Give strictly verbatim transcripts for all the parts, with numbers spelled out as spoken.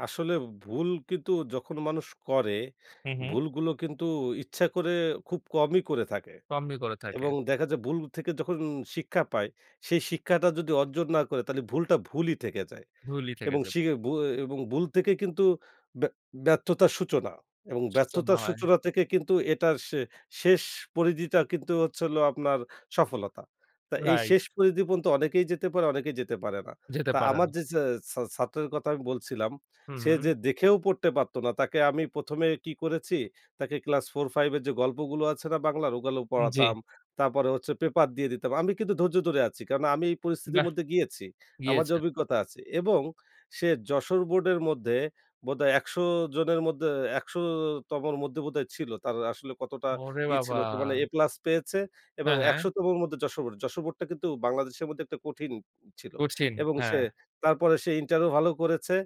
আসলে ভুল কিন্তু যখন মানুষ করে, হুম, হু। ভুলগুলো কিন্তু ইচ্ছা করে খুব কমই করে থাকে। কমই করে থাকে। এবং দেখা যায় ভুল থেকে যখন শিক্ষা পায়, সেই শিক্ষাটা যদি অর্জন না করে, তাহলে ভুলটা ভুলই থেকে যায়। ভুলই থেকে এবং যাবে। শিখে ভুয়ে এবং ভুল থেকে কিন্তু ব্য ব্যর্থতার সূচনা এবং সূচনা ব্যর্থতার হয়। সূচনা থেকে কিন্তু, এটার শে শেষ পরিধিটা কিন্তু হচ্ছে হল আপনার, সফলতা। তো এই রাইট। শেষ পরিধি পর্যন্ত অনেকেই যেতে পারে, অনেকেই যেতে পারে না। যেতে তা পারে আমার না। যে ছা ছা ছাত্রের কথা আমি বলছিলাম, হুম, সে হু। যে দেখেও পড়তে পারত না। তাকে আমি প্রথম এ কি করেছি, তাকে ক্লাস Four/Five এর যে গল্পগুলো আছে না বাংলার? ওগুলো উম জি। পড়াতাম। তারপরে হচ্ছে পেপার দিয়ে দিতাম। আমি কিন্তু ধৈর্য ধরে আছি। কারণ আমি এই পরিস্থিতির বাহ! মধ্যে গিয়েছি। আমার যে গিয়েছে। অভিজ্ঞতা আছে এবং সে যশোর বোর্ডের মধ্যে বোধহয় একশো জনের মধ্যে, একশো তমর মধ্যে বোধহয় ছিল। তার আসলে কতটা ওরে ই ছিল বাবা! কি মানে, প্লাস পেয়েছে এবং হ্যাঁ, হ্যাঁ। একশো তমর মধ্যে যশোর বোর্ড এ। যশোর বোর্ডটা কিন্তু বাংলাদেশের মধ্যে একটা কঠিন ছিল। কঠিন, এবং সে, হ্যাঁ। তারপরে সে ইন্টারও ভালো করেছে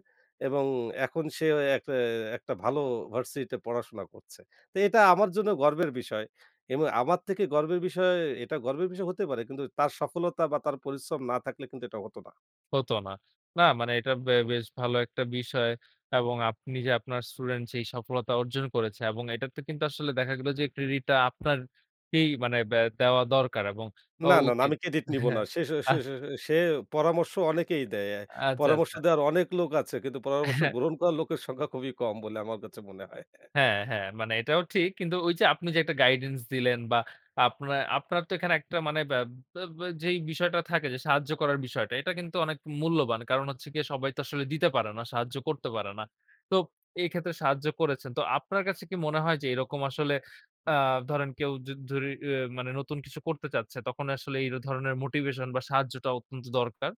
এবং এখন সে অয় একটা একটা ভালো ভার্সিটি তে পড়াশোনা করছে। তো এটা আমার জন্য গর্বের বিষয় এবং আমার থেকে গর্বের বিষয়, এটা গর্বের বিষয় হতে পারে কিন্তু, তার সফলতা বা তার পরিশ্রম না থাকলে কিন্তু এটা হতো না। হত না। না মানে এটা বে বেশ ভালো একটা বিষয় এবং আপনি যে আপনার স্টুডেন্ট যেই সফলতা অর্জন করেছে এবং এটাতে কিন্তু আসলে দেখা গেল যে ক্রেডিট টা আপনারকেই, মানে ব্যা দেওয়া দরকার এবং অ না, না, না, উচিত। আমি ক্রেডিট নিবো না। হ্যাঁ, সে-সে সে আচ্ছা। সে সে পরামর্শ অনেকেই দেয়। আচ্ছা, পরামর্শ আচ্ছা। দেওয়ার অনেক লোক আছে। কিন্তু পরামর্শ হ্যাঁ। গ্রহণ করা লোকের সংখ্যা খুবই কম বলে আমার কাছে মনে হয়। হ্যাঁ, হ্যাঁ, মানে এটাও ঠিক। কিন্তু ওই যে আপনি যে একটা গাইডেন্স দিলেন বা আপনা আপনার তো এখানে একটা মানে বা বা বা যেই বিষয়টা থাকে যে সাহায্য করার বিষয়টা, এটা কিন্তু অনেক মূল্যবান। কারণ হচ্ছে গিয়ে সবাই তো আসলে দিতে পারে না। সাহায্য করতে পারে না। তো এক্ষেত্রে সাহায্য করেছেন। তো আপনার কাছে কি মনে হয় যে, এরকম আসলে আ ধরেন কেউ যদ ধরি আ মানে, নতুন কিছু করতে চাচ্ছে, তখন আসলে এই ধরনের মোটিভেশন বা সাহায্যটা অত্যন্ত দরকার?